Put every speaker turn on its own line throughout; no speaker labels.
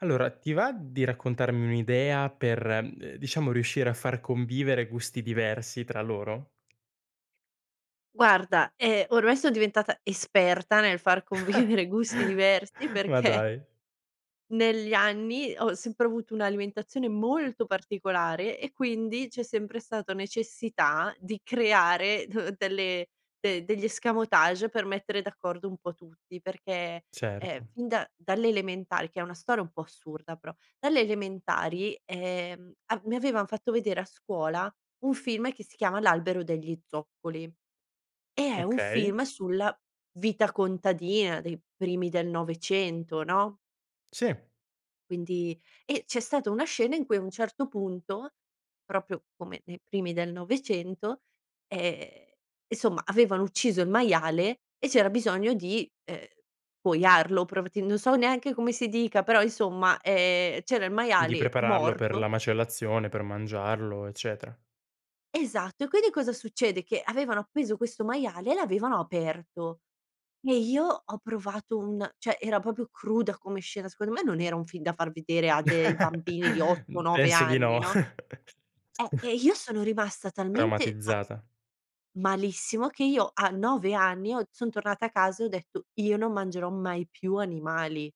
Allora, ti va di raccontarmi un'idea per, mhmm, diciamo, riuscire a far convivere gusti diversi tra loro?
Guarda, ehm, ormai son diventata esperta nel far convivere gusti diversi,
Ma
perché
dai.
negli anni, ho sempre avuto un'alimentazione molto particolare, e quindi c'è sempre stata necessità di creare d delle de degli escamotage per mettere d'accordo un po' tutti, perché, ehm,
Certo.
fin da dalle elementari, che è una storia un po' assurda, però dalle elementari, ehm, a mi avevan fatto vedere a scuola un film che si chiama L'albero degli zoccoli, e è un
Okay.
film sulla vita contadina dei primi del '900, no
Sì.
quindi e, c'è stata una scena in cui a un certo punto, proprio come nei primi del '900, ehm, insomma, avevano ucciso il maiale, e c'era bisogno di, uhm, scuoiarlo provettendo so neanche come si dica, però insomma, ehm, c'era il
Di
maiale
prepararlo per
morto
la macellazione, per mangiarlo, eccetera.
Esatto, e quindi, cosa succede? Che avevano appeso questo maiale e l'avevano aperto, e io ho provato un cioè era proprio cruda come scena, secondo me, non era un film da far vedere a dei bambini di otto
Mhmm,
nove
penso di
anni,
no.
no? Eh, e io sono rimasta talmente ma
Traumatizzata.
malissimo, che io a 9 anni, ho son tornata a casa e ho detto: “Io non mangerò mai più animali“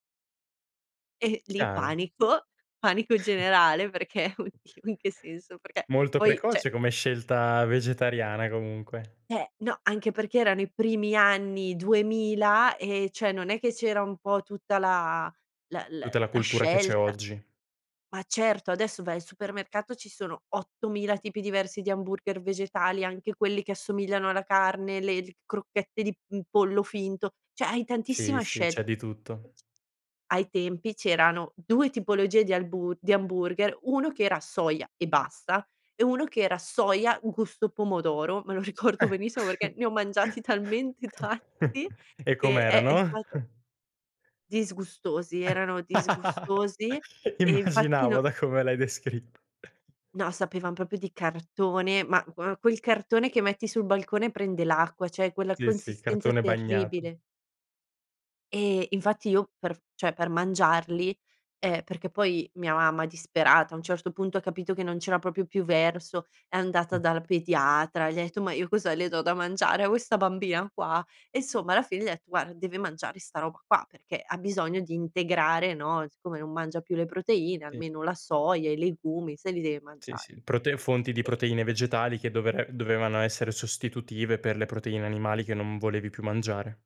e lì
Chiaro.
panico, panico generale perché:" Oh Dio, in che senso?" Perché,
Molto
poi, cioè
precoce come scelta vegetariana comunque.
Eh no, anche perché erano i primi anni 2000, e, cioè non è che c'era un po' tutta la la la
Tutta la
la
cultura che c'è
scelta
oggi.
ma certo, adesso vai al supermercato, ci sono 8000 tipi diversi di hamburger vegetali, anche quelli che assomigliano alla carne, le l crocchette di, mhmm, pollo finto. Cioè hai tantissima
Sì, sì. C'è
scelta.
di tutto.
Ai tempi, c'erano 2 tipologie di albu di hamburger, uno che era soia e basta, e uno che era soia un gusto pomodoro, me lo ricordo
Eh
benissimo, perché ne ho mangiati talmente tanti
e
che è è
com'erano?
stato Disgustosi, erano disgustosi. E infatti
Immaginavo
no
da come l'hai descritt
No, sapevan proprio di cartone, ma gua quel cartone che metti sul balcone, prende l'acqua, cioè quella
Sì, sì.
consistenza
Cartone bagnato.
terribile. E, infatti io per cioè per mangiarli ehm, perché, poi, mia mamma disperata a un certo punto, ha capito che non c'era proprio più verso, è andata dal pediatra, gli ha etto: "Ma io cosa le do da mangiare a questa bambina qua?" E, insomma, alla fine gli ha detto: "Guarda, deve mangiare 'sta roba qua, perché ha bisogno di integrare, no, siccome non mangia più le proteine,
Ti
almeno la soia, i legumi, se li deve
Sì,
mangiare."
sì. Prote fonti di
E
proteine vegetali che dovre dovevano essere sostitutive per le proteine animali che non volevi più mangiare.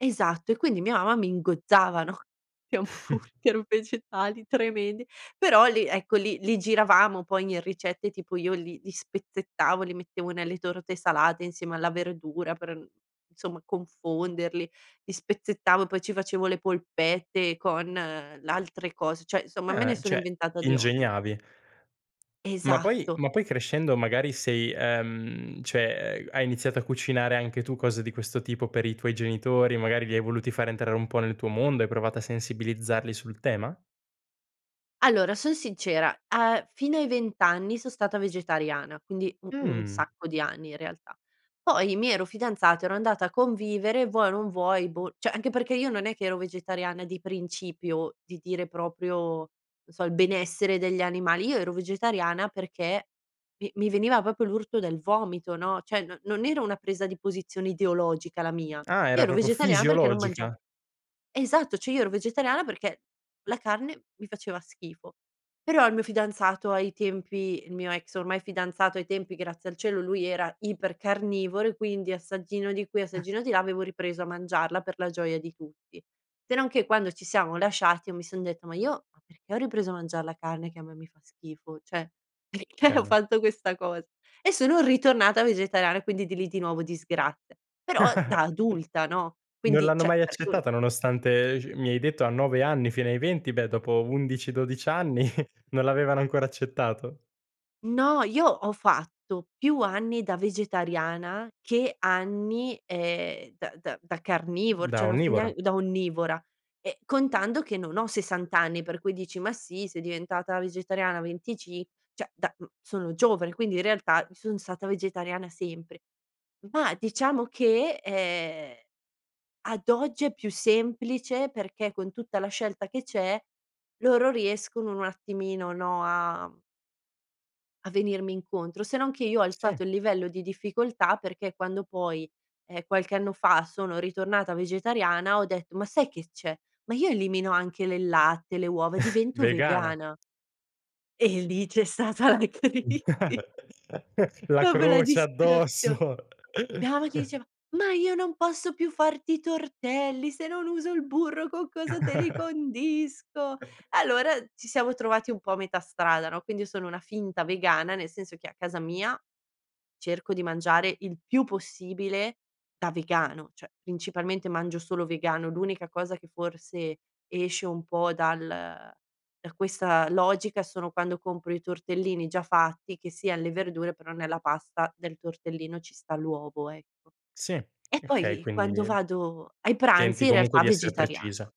Esatto, e quindi mia mamma mi ingozzava, no, di hamburger vegetali, tremendi, però lì, ecco, li li giravamo, poi, in ricette, tipo io li li spezzettavo, li mettevo nelle torte salate insieme alla verdura, per mhmm, insomma, confonderli. Li spezzettavo, poi, ci facevo le polpette con l'altre cos cioè somma, me
Ah,
ne sono
cioè
inventata
ti
di ogni.
ingegnavi. Ma, poi
Esatto.
ma, poi crescendo, magari, sei ehm, cioè ehm, hai iniziato a cucinare anche tu cose di questo tipo per i tuoi genitori, magari, li hai voluti far entrare un po' nel tuo mondo, hai provato a sensibilizzarli sul tema?
Allora, son sincera, a fino ai 20 anni son stata vegetariana, quindi, un un
Mh.
sacco di anni, in realtà. Poi, mi ero fidanzata, ero andata a convivere, vuoi o non vuoi, boh cioè anche perché io non è che ero vegetariana di principio, di dire proprio, non so il benessere degli animali, io ero vegetariana perché mi mi veniva proprio l'urto del vomito, no, cioè, non non era una presa di posizione ideologica la mia,
Ah,
io
era
ero
proprio
vegetariana perché non mangiav
fisiologica.
esatto, cioè io ero vegetariana perché la carne mi faceva schifo. Però il mio fidanzato ai tempi, il mio ex, ormai, fidanzato ai tempi, grazie al cielo, lui era ipercarnivoro e quindi assaggino di qui, assaggino di là, avevo ripreso a mangiarla, per la gioia di tutti. Se non che quando ci siamo lasciati, io mi son detta: "Ma io, ma perché ho ripreso a mangia la carne che a me mi fa schifo? Cioè perché ho
Chiaro.
fatto questa cos" E, sono ritornata vegetariana, e quindi di lì, di nuovo, disgrazia, però da adulta, no,
Non
quindi,
l'hanno
cioè
mai
per cui
accettata nonostante, ehm, sc mi hai detto a 9 anni fino ai 20, beh, dopo 11, 12 anni, non l'avevano ancora accettato?
No, io ho fatto più anni da vegetariana che anni, ehm, da da da carnivor
Da
cioè non so nean
onnivora.
da onnivora, e contando che non ho 60 anni, per cui dici: "Ma sì, sei diventata vegetariana a venticin" cioè da mhmm, sono giovane quindi in realtà, i son stata vegetariana sempre. Ma diciamo che, ehm, ad oggi è più semplice, perché con tutta la scelta che c'è, loro riescono un attimino, no, a a venirmi incontro, se non che io ho
Sì.
alzato il livello di difficoltà, perché quando, poi, ehm, qualche anno fa sono ritornata vegetariana ho detto: "Ma sai che c'è? Ma, io elimino anche le latte, le uova, divento
Vegana.
vegana" e lì c'è stata la crisi
La
proprio la
croce
disperazion
addosso.
Mia mamma che diceva: "Ma io non posso più farti i tortelli, se non uso il burro, con cosa te li condisco?" Allora, ci siamo trovati un po' a metà strada, no, quindi, io sono una finta vegana, nel senso che a casa mia, cerco di mangiare il più possibile da vegano. Cioè principalmente mangio solo vegano, l'unica cosa che forse esce un po' dal da questa logica, sono quando compro i tortellini già fatti, che sia alle verdure, però nella pasta del tortellino ci sta l'uovo, ecco.
Sì,
E,
okay.
poi,
Quindi,
quando vado ai pranzi,
tenti,
in
comunque
realtà,
di essere precisa.
vegetariana.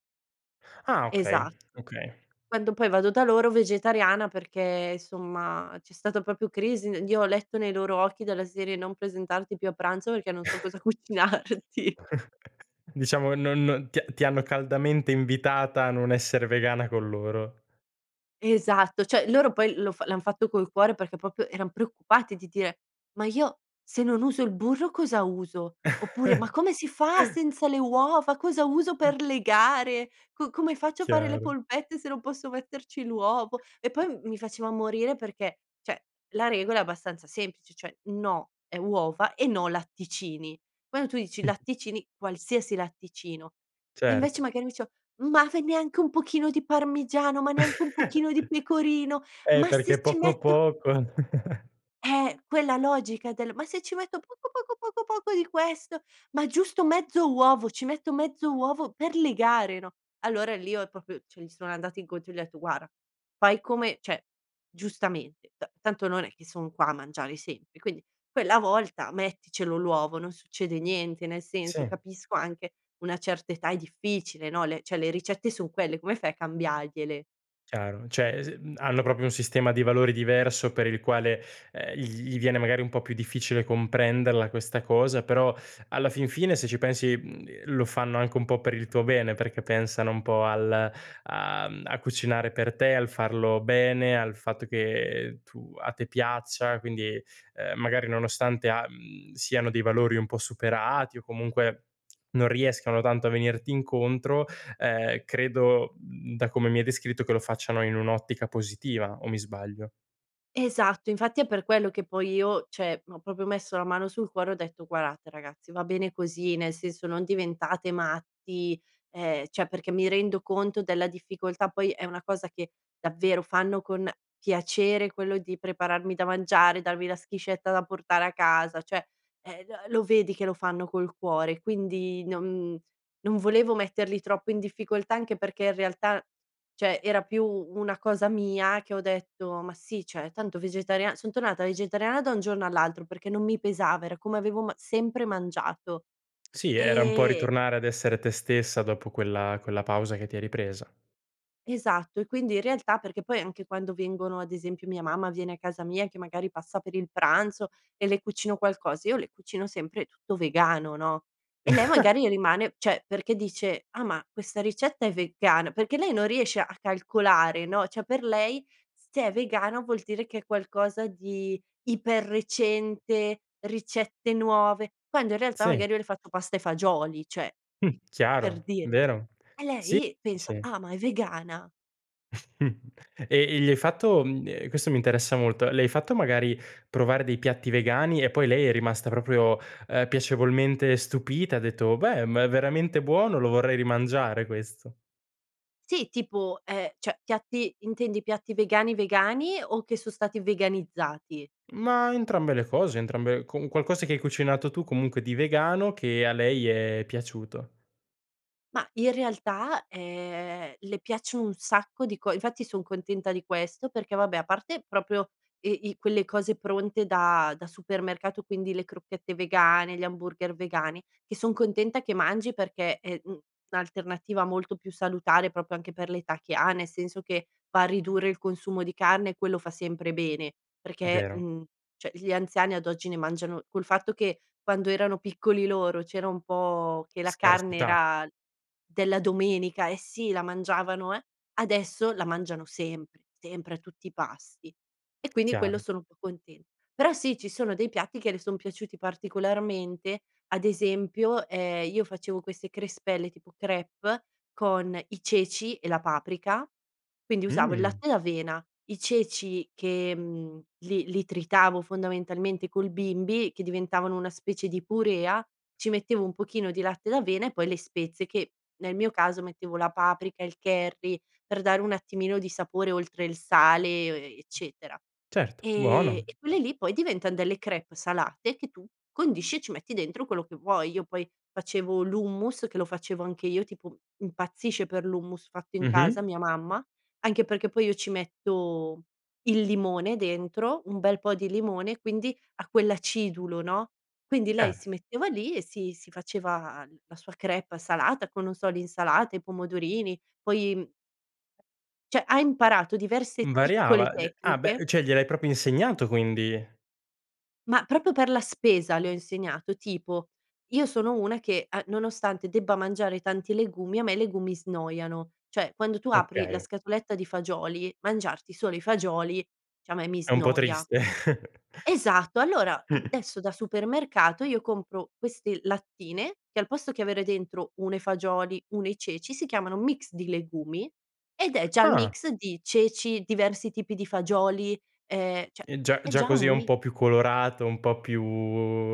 Ah, okay,
Esatt
okay.
quando, poi, vado da loro vegetariana perché, somma, c'è stata proprio crisi, io ho letto nei loro occhi dalla serie: "Non presentarti più a pranzo perché non so cosa cucinarti."
Diciamo, non ti ti hanno caldamente invitata a non essere vegana con loro.
Esatto. Cioè loro poi lo fa l'han fatto col cuore, perché proprio eran preoccupati di dire: "Ma io se non uso il burro, cosa uso?" oppure: "Ma come si fa senza le uova? Cosa uso per legare? Co come faccio a fare le
Chiaro.
polpette, se non posso metterci l'uovo?" E, poi, m mi faceva morire perché, cioè la regola è abbastanza semplice, cioè: no è uova, e no latticini. Quando tu dici latticini, qualsiasi latticino, e invece,
Cert
magari, mi diceva: "Ma ve neanche un pochino di parmigiano, ma neanche un pochino di pecorino,
Eh,
ma
perché
se ci
poco,
metto"
poco.
Eh, quella logica del: "Ma se ci metto poco, poco, poco, poco di questo, ma giusto mezzo uovo, ci metto mezzo uovo per legare, no?" Allora, lì ho proprio cioè gli sono andata incontro e gli ho etto: "Guarda, fai come cioè giustamente, ta tanto non è che son qua a mangiare sempre, quindi quella volta, metticelo l'uovo, non succede niente. Nel senso,
Sì.
capisco anche una certa età, è difficile, no, le cioè, le ricette son quelle, come fai a cambiargliele?"
Chiaro, cioè s mhmm, hanno proprio un sistema di valori diverso per il quale, ehm, gl gli viene, magari, un po' più difficile comprenderla questa cosa. Però, alla fin fine, se ci pensi, mhmm, lo fanno anche un po' per il tuo bene, perché pensano un po' al a mhmm, a cucinare per te, al farlo bene, al fatto che tu a te piaccia, quindi, uhm, magari nonostante a mhmm, siano dei valori un po' superati, o, comunque, non riescano tanto a venirti incontro, ehm, credo, mhmm, da come mi hai descritto, che lo facciano in un'ottica positiva, o mi sbaglio?
Esatto, infatti è per quello che poi io, cioè ho proprio messo la mano sul cuore ho detto: "Guardate ragazzi va bene così nel senso non diventate matti." Ehm, cioè perché mi rendo conto della difficoltà poi è una cosa che davvero fanno con piacere quello di prepararmi da mangiare, darmi la schiscetta da portare a casa, cioè, eh, lo lo vedi che lo fanno col cuore, quindi non non volevo metterli troppo in difficoltà anche perché in realtà, cioè era più una cosa mia che ho detto: "Ma sì, cioè tanto vegetaria" son tornata vegetariana da un giorno all'altro perché non mi pesava era come avevo ma sempre mangiato,
Sì, era un po'
e
ritornare ad essere te stessa dopo quella quella pausa che ti eri presa.
Esatto, e quindi in realtà perché poi anche quando vengono ad esempio mia mamma viene a casa mia che magari passa per il pranzo e le cucino qualcosa, io le cucino sempre tutto vegano, no, e lei magari rimane cioè perché dice: "Ah ma questa ricetta è vegana?" Perché lei non riesce a calcolare, no, cioè per lei s se è vegano vuol dire che è qualcosa di iper recente, ricette nuove quando in realtà
Sì.
magari io le ho fatto pasta e fagioli, cioè
Mh,
per
chiaro,
dire,
vero.
e
Sì,
lei
sì, sì.
pensa:"Ah, ma è vegana."
E e gli hai fatto mhmm, ehm, questo mi interessa molto, le hai fatto magari provare dei piatti vegani e poi lei è rimasta proprio, ehm, piacevolmente stupita, e ha detto: "Beh, ma è veramente buono, lo vorrei rimangiare questo."
Sì tipo, ehm, cioè piatti intendi piatti vegani-vegani o che so stati veganizzati?
Ma entrambe le cose, entrambe con un qualcosa che hai cucinato tu comunque di vegano che a lei è piaciuto.
Ma in realtà, ehm, le piace un sacco di co infatti son contenta di questo perché, vabbè, a parte proprio i i quelle cose pronte da da supermercato, quindi le crocchette vegane, gli hamburger vegani che son contenta che mangi perché è, mhmm, un'alternativa molto più salutare proprio anche per l'età che ha, nel senso che va a ridurre il consumo di carne e quello fa sempre bene perché,
Vero.
mhmm, cioè gli anziani ad oggi ne mangiano col fatto che quando erano piccoli loro c'era un po' che la carne
Scarsità.
era della domenica eh sì, la mangiavano, eh, adesso la mangiano sempre, sempre a tutti i pasti. E quindi quello
Chiaro.
sono un po' contenta. Però sì, ci sono dei piatti che le son piaciuti particolarmente ad esempio, ehm, io facevo queste crespelle tipo crêpes con i ceci e la paprika, quindi usavo il
Mh.
latte d'avena, i ceci che, mhmm, li li tritavo fondamentalmente col bimby che diventavano una specie di purea, ci mettevo un pochino di latte d'avena e poi le spezie che nel mio caso mettevo la paprika, il curry per dare un attimino di sapore oltre il sale e o e eccetera,
Certo,
ehm,
buono.
e quelle lì poi diventan delle crêpes salate che tu condisci e ci metti dentro quello che vuoi. Io poi facevo l'hummus che lo facevo anche io, tipo impazzisce per l'hummus fatto in casa
Mh-mh.
mia mamma, anche perché poi io ci metto il limone dentro, un bel po' di limone, quindi ha quell'acidulo, no, quindi lei
Eh.
si metteva lì e si si faceva la sua crêpe salata con non so l'insalata, i pomodorini poi, cioè, ha imparato
M
diverse
variava,
piccole
cioè ah, beh,
tecniche
uhm, cioè gliel'hai proprio insegnato quindi?
Ma proprio per la spesa le ho insegnato, tipo io sono una che a nonostante debba mangiare tanti legumi a me i legumi snoiano. Cioè, quando tu apri la
Okay.
scatoletta di fagioli, mangiarti solo i fagioli diciamo e mi
È un po'
snoia.
triste.
Esatto, allora adesso da supermercato io compro queste lattine che al posto che avere dentro uno i fagioli uno i ceci, si chiamano mix di legumi, ed è già il
Ah.
mix di ceci, diversi tipi di fagioli, ehm, cioè
E già
è
già
già
così è
un
un
mix
po' più colorato, un po' più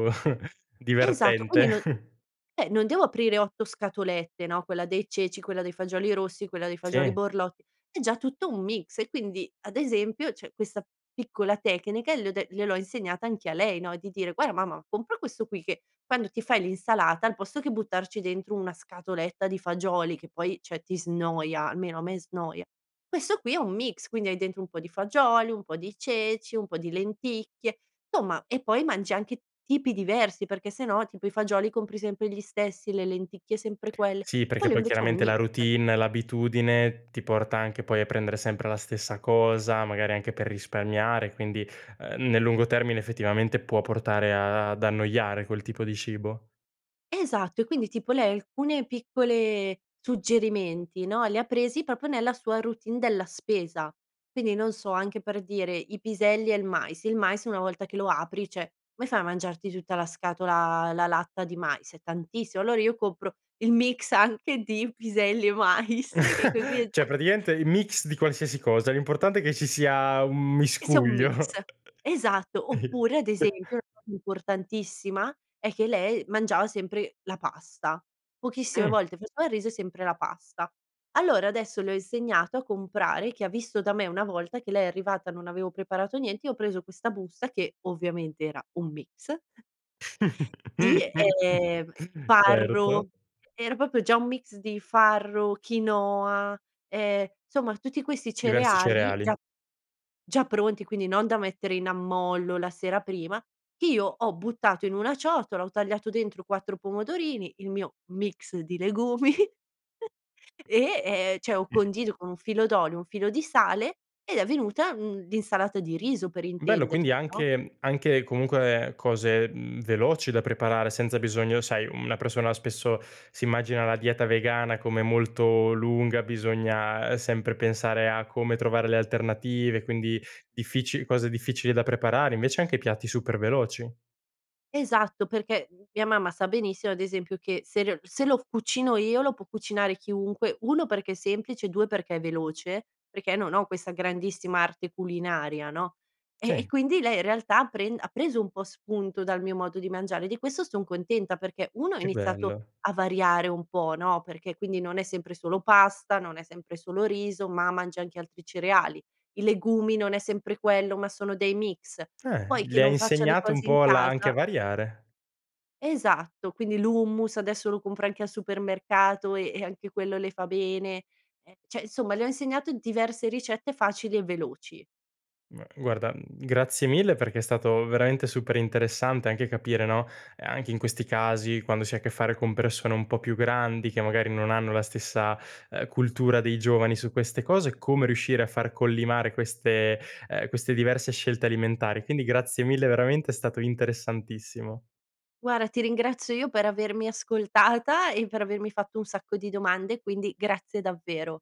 Esatto, quindi
divertente.
non eh, non devo aprire 8 scatolette, no, quella dei ceci, quella dei fagioli rossi, quella dei fagioli
Sì.
borlotti, è già tutto un mix e quindi ad esempio c'è questa piccola tecnica le ho de gliel'ho insegnata anche a lei, no, di dire: "Guarda mamma compra questo qui che quando ti fai l'insalata al posto che buttarci dentro una scatoletta di fagioli che poi cioè ti snoia, almeno a me snoia, questo qui è un mix, quindi hai dentro un po' di fagioli, un po' di ceci, un po' di lenticchie, somma e poi mangi anche tipi diversi perché se no tipo i fagioli compri sempre gli stessi, le lenticchie sempre quelle,
Sì, perché
quello
poi
invece è un
chiaramente la
mix."
routine, l'abitudine, ti porta anche poi a prendere sempre la stessa cosa, magari anche per risparmiare, quindi, ehm, nel lungo termine effettivamente può portare a ad annoiare quel tipo di cibo.
Esatto, e quindi tipo lei alcune piccole suggerimenti, no, li ha presi proprio nella sua routine della spesa, quindi non so anche per dire i piselli e il mais, il mais una volta che lo apri cioè come fai a mangiarti tutta la scatola la latta di mais? È tantissimo, allora io compro il mix anche di piselli e mais, che così è
Cioè,
da
praticamente il mix di qualsiasi cosa, l'importante è che ci sia un
Che sia un mix,
miscuglio.
esatto, oppure ad esempio [unintelligible] importantissima è che lei mangiava sempre la pasta. Pochissime
Mh.
volte faceva il riso e sempre la pasta. Allora adesso le ho insegnato a comprare che ha visto da me una volta che lei è arrivata e non avevo preparato niente, io ho preso questa busta che ovviamente era un mix Sì, ehm, farro,
Certo.
era proprio già un mix di farro, quinoa, ehm, insomma tutti questi
Diversi
cereali
cereali.
già già pronti quindi non da mettere in ammollo la sera prima; io ho buttato in una ciotola, ho tagliato dentro 4 pomodorini, il mio mix di legumi e, ehm, cioè ho condito con un filo d'olio, un filo di sale ed è venuta un d'insalata di riso per
Bello
intenderci,
quindi
no?
anche mhmm, anche comunque cose, mhmm, veloci da preparare senza bisogno sai una persona spesso si immagina la dieta vegana come molto lunga, bisogna sempre pensare a come trovare le alternative quindi difficili cose difficili da preparare invece anche piatti super veloci.
Esatto, perché, mhmm, mia mamma sa benissimo ad esempio che se le o l se lo cucino io lo può cucinare chiunque, 1 perché è semplice e 2 perché è veloce, perché non ho questa grandissima arte culinaria, no. Eh, e
Sì.
quindi lei in realtà pren ha preso un po' spunto dal mio modo di mangiare e di questo son contenta perché 1 ha
Che
iniziato
bello.
a variare un po', no, perché quindi non è sempre solo pasta, non è sempre solo riso ma mangia anche altri cereali; i legumi non è sempre quello ma sono dei mix,
Eh,
poi che
le hai
non facciano i
insegnato un
cosi in
po' la anche
casa
a variare.
Esatto, quindi l'hummus adesso lo compra anche al supermercato e e anche quello le fa bene, eh, cioè insomma le ho insegnato diverse ricette facili e veloci.
M guarda, mhmm, grazie mille perché è stato veramente super interessante anche capire, no, ehm, anche in questi casi quando si ha a che fare con persone un po' più grandi che magari non hanno la stessa, ehm, cultura dei giovani su queste cose, come riuscire a far collimare queste ehm, queste diverse scelte alimentari, quindi grazie mille veramente è stato interessantissimo.
Guarda ti ringrazio io per avermi ascoltata e per avermi fatto un sacco di domande, quindi grazie davvero.